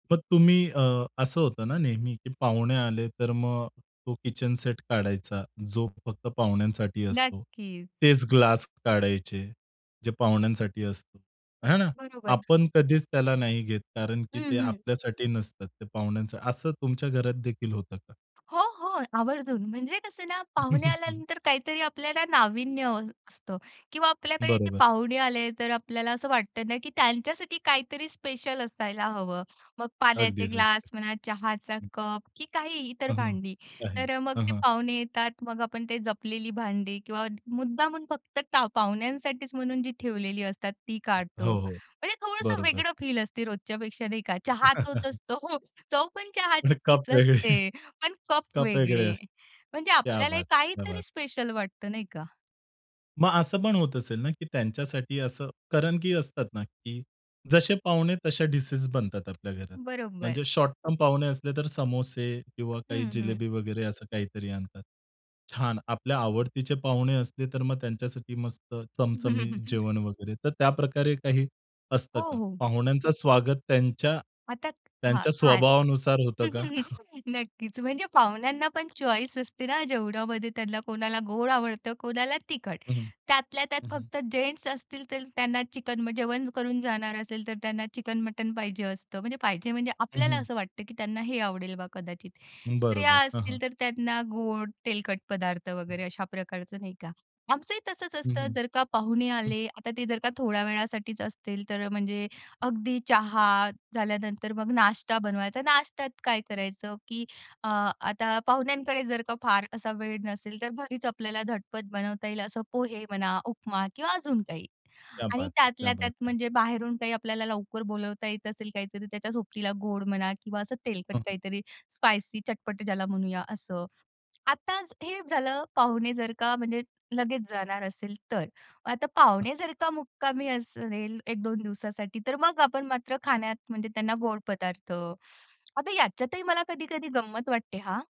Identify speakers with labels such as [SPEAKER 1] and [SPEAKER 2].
[SPEAKER 1] मग तुम्ही अ, असं होतं ना नेहमी, की पाहुणे आले तर मग तो किचन सेट काढायचा जो फक्त पाहुण्यांसाठी असतो.
[SPEAKER 2] नक्कीच.
[SPEAKER 1] तेच ग्लास काढायचे जे पाहुण्यांसाठी असतो. हा ना,
[SPEAKER 2] बरोबर.
[SPEAKER 1] आपण कधीच त्याला नाही घेत कारण की ते
[SPEAKER 2] हं, हं.
[SPEAKER 1] आपल्यासाठी नसतात, ते पाहुण्यांसाठी. असं तुमच्या घरातदेखील होतं का?
[SPEAKER 2] हो, हो. आवर्जून म्हणजे कसं ना, पाहुणे आल्यानंतर काहीतरी आपल्याला नाविन्य हवं असतं किंवा आपल्याकडे ते
[SPEAKER 1] बरोबर.
[SPEAKER 2] पाहुणे आले तर आपल्याला असं वाटतं ना, की त्यांच्यासाठी काहीतरी स्पेशल असायला हवं. मग पाण्याचे
[SPEAKER 1] अगदीच हं.
[SPEAKER 2] ग्लास म्हणा, चहाचा कप, की काही इतर
[SPEAKER 1] हं, हं,
[SPEAKER 2] भांडी.
[SPEAKER 1] आहे.
[SPEAKER 2] तर अ, मग
[SPEAKER 1] हं,
[SPEAKER 2] ते
[SPEAKER 1] हं.
[SPEAKER 2] पाहुणे येतात. मग आपण ते जपलेली भांडी किंवा मुद्दामून फक्त पाहुण्यांसाठीच म्हणून जी ठेवलेली असतात ती
[SPEAKER 1] अ,
[SPEAKER 2] काढतो.
[SPEAKER 1] हो, हो.
[SPEAKER 2] म्हणजे थोडंसं
[SPEAKER 1] बरोबर.
[SPEAKER 2] वेगळं फील असतं रोजच्यापेक्षा, नाही का. चहा तोच असतो. चव पण
[SPEAKER 1] मग
[SPEAKER 2] चहाची
[SPEAKER 1] कप
[SPEAKER 2] तीच
[SPEAKER 1] वेगळे.
[SPEAKER 2] असते, पण कप
[SPEAKER 1] कप वेगळे
[SPEAKER 2] वेगळे
[SPEAKER 1] असतील.
[SPEAKER 2] म्हणजे
[SPEAKER 1] क्या
[SPEAKER 2] आपल्याला
[SPEAKER 1] बात है! क्या
[SPEAKER 2] काहीतरी
[SPEAKER 1] बात है!
[SPEAKER 2] स्पेशल वाटतं, नाही का.
[SPEAKER 1] मग असं पण होत असेल ना, की त्यांच्यासाठी असं. कारण की असतात ना, की जसे पाहुणे तसे डिशेस बनतात आपल्या घरात.
[SPEAKER 2] बरोबर.
[SPEAKER 1] म्हणजे शॉर्टटर्म पाहुणे असले तर समोसे किंवा काही
[SPEAKER 2] हं, हं.
[SPEAKER 1] जिलेबी वगैरे, असं काहीतरी आणतात. छान आपल्या आवडतीचे पाहुणे असले तर मग त्यांच्यासाठी मस्त चमचमीत जेवण वगैरे. तर त्याप्रकारे काही
[SPEAKER 2] हो,
[SPEAKER 1] असतं का?
[SPEAKER 2] हो.
[SPEAKER 1] पाहुण्यांचा स्वागत त्यांच्या,
[SPEAKER 2] आता हां,
[SPEAKER 1] त्यांच्या
[SPEAKER 2] काय?
[SPEAKER 1] स्वभावानुसार होतं का?
[SPEAKER 2] नक्कीच म्हणजे पाहुण्यांना पण चॉईस असते ना जेवणामध्ये. त्यांना कोणाला गोड आवडतं, कोणाला तिखट.
[SPEAKER 1] हं,
[SPEAKER 2] त्यातल्या त्यात
[SPEAKER 1] हं, हं.
[SPEAKER 2] फक्त जेन्ट्स असतील तर त्यांना चिकन. मग जेवण करून जाणार असेल तर त्यांना चिकन, मटण पाहिजे असतं. म्हणजे पाहिजे म्हणजे
[SPEAKER 1] हं,
[SPEAKER 2] आपल्याला
[SPEAKER 1] हं.
[SPEAKER 2] असं वाटतं, की त्यांना हे आवडेल बा कदाचित. स्त्रिया
[SPEAKER 1] बरोबर, हं, हं.
[SPEAKER 2] असतील तर त्यांना गोड, तेलकट पदार्थ
[SPEAKER 1] हं.
[SPEAKER 2] वगैरे अशा प्रकारचं, नाही का. आमचंही तसंच
[SPEAKER 1] हं,
[SPEAKER 2] असतं.
[SPEAKER 1] हं,
[SPEAKER 2] जर का पाहुणे
[SPEAKER 1] हं.
[SPEAKER 2] आले आता ते जर का थोड्या वेळासाठीच असतील तर म्हणजे अगदी चहा झाल्यानंतर मग नाश्ता बनवायचा. नाश्त्यात काय करायचं, की अ, आता पाहुण्यांकडे जर का फार असा वेळ नसेल तर घरीच आपल्याला झटपट बनवता येईल असं पोहे म्हणा, उपमा किंवा अजून काही.
[SPEAKER 1] क्या
[SPEAKER 2] आणि
[SPEAKER 1] बात है! क्या
[SPEAKER 2] त्यातल्या त्यात
[SPEAKER 1] बात है!
[SPEAKER 2] म्हणजे बाहेरून काही आपल्याला लवकर बोलावता येत असेल काहीतरी त्याच्या सोबतीला गोड म्हणा किंवा असं तेलकट
[SPEAKER 1] हं, हं.
[SPEAKER 2] काहीतरी, स्पाइसी, चटपट ज्याला म्हणूया असं. आताच हे झालं, पाहुणे जर का म्हणजे लगेच जाणार असेल तर. आता पाहुणे जर का मुक्कामी असेल 1-2 दिवसासाठी तर मग आपण मात्र खाण्यात म्हणजे त्यांना गोड पदार्थ. आता याच्यातही मला कधी-कधी गंमत वाटते हां.